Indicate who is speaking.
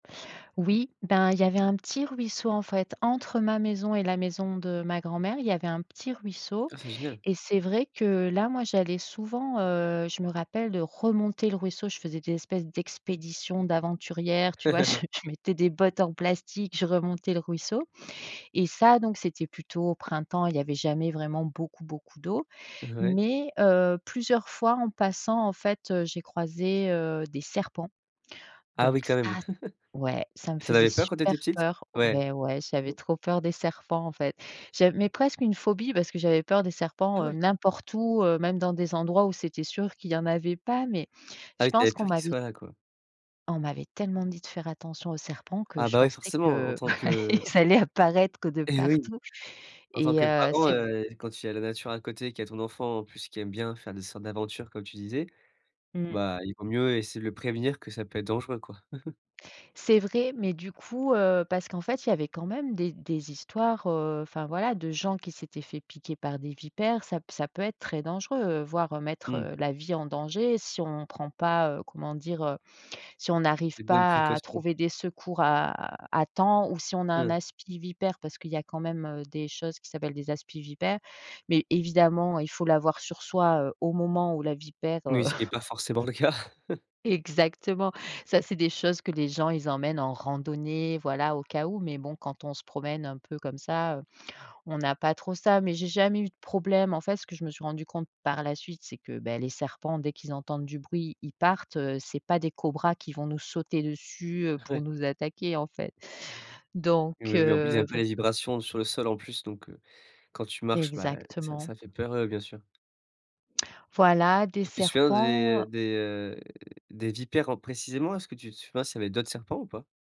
Speaker 1: Oui, ben, il y avait un petit ruisseau, en fait, entre ma maison et la maison de ma grand-mère. Il y avait un petit ruisseau.
Speaker 2: Ah c'est génial.
Speaker 1: Et c'est vrai que là, moi, j'allais souvent. Heu, je me rappelle de remonter le ruisseau. Je faisais des espèces d'expédition d'aventurière, tu vois? Je je mettais des bottes en plastique, je remontais le ruisseau. Et ça, donc c'était plutôt au printemps. Il y avait jamais vraiment beaucoup, beaucoup d'eau.
Speaker 2: Ouais.
Speaker 1: Mais heu, plusieurs fois, en passant, en fait, heu, j'ai croisé, heu, des serpents.
Speaker 2: Ah
Speaker 1: Donc
Speaker 2: oui, quand
Speaker 1: ça
Speaker 2: même.
Speaker 1: ouais, ça me
Speaker 2: Et tu en
Speaker 1: faisait
Speaker 2: avais peur quand tu
Speaker 1: super
Speaker 2: étais petite?
Speaker 1: peur.
Speaker 2: Ouais.
Speaker 1: Ouais, ouais, j'avais trop peur des serpents, en fait. J'av mais presque une phobie parce que j'avais peur des
Speaker 2: Ah
Speaker 1: serpents, heu,
Speaker 2: ouais?
Speaker 1: n'importe où, heu, même dans des endroits où c'était sûr qu'il y en avait pas. Mais
Speaker 2: Ah
Speaker 1: je
Speaker 2: oui, tu avais
Speaker 1: pense qu'on
Speaker 2: peur qu'ils
Speaker 1: m'avait
Speaker 2: soient là, quoi.
Speaker 1: on m'avait tellement dit de faire attention aux serpents que
Speaker 2: Ah
Speaker 1: je
Speaker 2: bah oui,
Speaker 1: pensais
Speaker 2: forcément, en
Speaker 1: que,
Speaker 2: tant
Speaker 1: bah
Speaker 2: que
Speaker 1: ils allaient apparaître de
Speaker 2: Eh oui!
Speaker 1: partout
Speaker 2: En tant
Speaker 1: et
Speaker 2: que
Speaker 1: heu,
Speaker 2: parent,
Speaker 1: c'est
Speaker 2: heu, quand il y a la nature à côté, qu'il y a ton enfant en plus qui aime bien faire des sortes d'aventures, comme tu disais,
Speaker 1: Mmh.
Speaker 2: bah, il vaut mieux essayer de le prévenir que ça peut être dangereux, quoi.
Speaker 1: C'est vrai. Mais du coup, heu, parce qu'en fait il y avait quand même des des histoires, heu, enfin voilà, de gens qui s'étaient faits piquer par des vipères. Ça p ça peut être très dangereux, voire mettre,
Speaker 2: Mmh.
Speaker 1: heu, la vie en danger si on prend pas, heu, comment dire, heu, si on n'arrive
Speaker 2: Les bonnes
Speaker 1: pas à
Speaker 2: précautions.
Speaker 1: trouver des secours à à temps ou si on a un
Speaker 2: Mmh.
Speaker 1: aspi-vipère. Parce qu'il y a quand même, heu, des choses qui s'appellent des aspi-vipères. Mais évidemment, il faut l'avoir sur soi au moment où la vipère,
Speaker 2: Oui,
Speaker 1: heu
Speaker 2: ce qui est pas forcément le cas.
Speaker 1: Exactement. Ça, c'est des choses que les gens ils emmènent en randonnée, voilà, au cas où. Mais bon, quand on se promène un peu comme ça, heu, on n'a pas trop ça. Mais j'ai jamais eu de problème. En fait, ce que je me suis rendu compte par la suite, c'est que, beh les serpents, dès qu'ils entendent du bruit, ils partent. Heu, c'est pas des cobras qui vont nous sauter dessus, heu, pour
Speaker 2: Ouais.
Speaker 1: nous attaquer, en fait. Donc
Speaker 2: Et oui, oui, en plus, il
Speaker 1: heu,
Speaker 2: aime pas
Speaker 1: faut
Speaker 2: les vibrations sur le sol, en plus. Donc heu, quand tu marches, bah et ça
Speaker 1: Exactement.
Speaker 2: ça fait peur, heu, bien sûr
Speaker 1: Voilà, des
Speaker 2: Et tu te souviens
Speaker 1: serpents
Speaker 2: des des, heu, des vipères en précisément? Est-ce que tu tu penses qu'il y avait d'autres serpents ou pas?